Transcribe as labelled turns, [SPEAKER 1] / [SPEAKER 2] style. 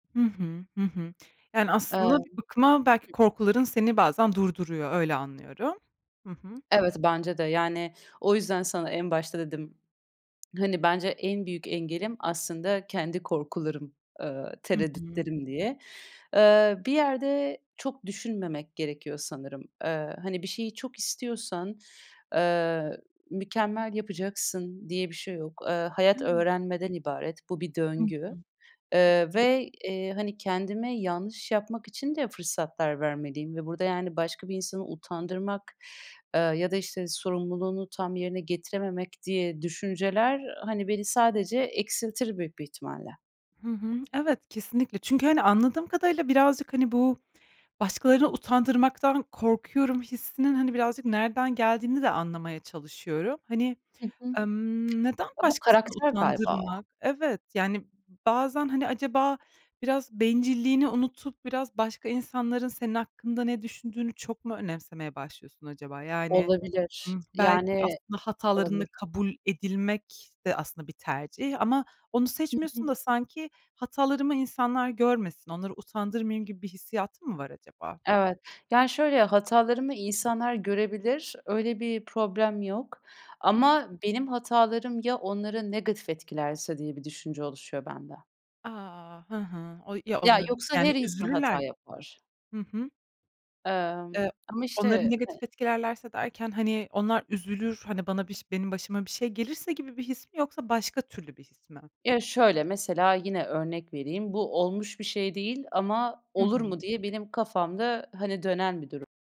[SPEAKER 1] Hı hı, hı hı. Yani
[SPEAKER 2] Evet.
[SPEAKER 1] aslında bir bakıma belki
[SPEAKER 2] Hı.
[SPEAKER 1] korkuların seni bazen durduruyor, öyle anlıyorum. Hı hı.
[SPEAKER 2] Evet, bence de. Yani, o yüzden sana en başta dedim, hani, bence en büyük engelim aslında kendi korkularım, eee,
[SPEAKER 1] Hı hı.
[SPEAKER 2] tereddütlerim diye. Eee, bir yerde çok düşünmemek gerekiyor sanırım. Eee, hani, bir şeyi çok istiyorsan, eee, mükemmel yapacaksın diye bir şey yok. Eee, hayat
[SPEAKER 1] Evet.
[SPEAKER 2] öğrenmeden ibaret. Bu bir
[SPEAKER 1] Hı hı.
[SPEAKER 2] döngü, ııı,
[SPEAKER 1] Kesinlik
[SPEAKER 2] ve, eee, hani, kendime yanlış yapmak için de fırsatlar vermeliyim ve burada yani başka bir insanı utandırmak, ııı, ya da işte sorumluluğunu tam yerine getirememek diye düşünceler, ııı, hani beni sadece eksiltir büyük bir ihtimalle.
[SPEAKER 1] Hı hı. Evet, kesinlikle. Çünkü, hani, anladığım kadarıyla birazcık, hani, bu başkalarını utandırmaktan korkuyorum hissinin hani birazcık nereden geldiğini de anlamaya çalışıyorum. Hani,
[SPEAKER 2] Hı hı.
[SPEAKER 1] emm, neden
[SPEAKER 2] Ya, bu
[SPEAKER 1] başkasını
[SPEAKER 2] karakter galiba
[SPEAKER 1] utandırmak? Evet, yani, bazen, hani, acaba biraz bencilliğini unutup biraz başka insanların senin hakkında ne düşündüğünü çok mu önemsemeye başlıyorsun acaba? Yani,
[SPEAKER 2] Olabilir.
[SPEAKER 1] ımm, belki
[SPEAKER 2] Yani
[SPEAKER 1] aslında hatalarınla
[SPEAKER 2] olabilir.
[SPEAKER 1] kabul edilmek de aslında bir tercih ama onu
[SPEAKER 2] Hı hı.
[SPEAKER 1] seçmiyorsun da sanki hatalarımı insanlar görmesin, onları utandırmayayım gibi bir hissiyatın mı var acaba?
[SPEAKER 2] Evet, yani, şöyle, hatalarımı insanlar görebilir. Öyle bir problem yok
[SPEAKER 1] Hı.
[SPEAKER 2] ama benim hatalarım ya onları negatif etkilerse diye bir düşünce oluşuyor bende.
[SPEAKER 1] A. Hı hı. O ya
[SPEAKER 2] Ya,
[SPEAKER 1] onlar,
[SPEAKER 2] yoksa
[SPEAKER 1] yani
[SPEAKER 2] her insan
[SPEAKER 1] üzülürler
[SPEAKER 2] hata
[SPEAKER 1] gibi mi?
[SPEAKER 2] yapar.
[SPEAKER 1] Hı hı.
[SPEAKER 2] Emm,
[SPEAKER 1] E
[SPEAKER 2] ama
[SPEAKER 1] onları
[SPEAKER 2] işte he
[SPEAKER 1] negatif etkilerlerse derken, hani, onlar üzülür, hani bana biş benim başıma bir şey gelirse gibi bir his mi yoksa başka türlü bir his mi?
[SPEAKER 2] Ya şöyle, mesela yine örnek vereyim, bu olmuş bir şey değil ama
[SPEAKER 1] Hı
[SPEAKER 2] olur mu
[SPEAKER 1] hı.
[SPEAKER 2] diye benim kafamda, hani, dönen bir durum.